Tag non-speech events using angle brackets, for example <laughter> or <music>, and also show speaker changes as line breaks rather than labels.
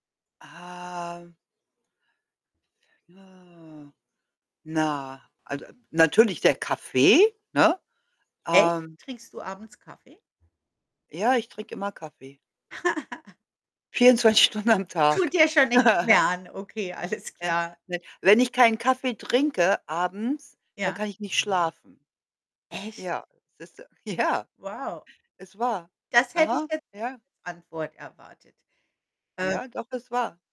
Ah Na, also, natürlich der Kaffee, ne?
Echt?
Ähm
Trinkst du abends Kaffee?
Ja, ich trinke immer Kaffee.
<giggles>
24 Stunden am Tag.
Tut dir schon nichts
<chuckles>
mehr an. Okay, alles
Ja,
klar.
ne. Wenn ich keinen Kaffee trinke abends, dann
Ja.
kann ich nicht schlafen.
Echt?
Ja, siehst du? Ja,
Wow.
ist wahr.
Das hätte ich
Aha,
jetzt nicht
ja.
als Antwort erwartet. Äh
Ja, doch, ist wahr.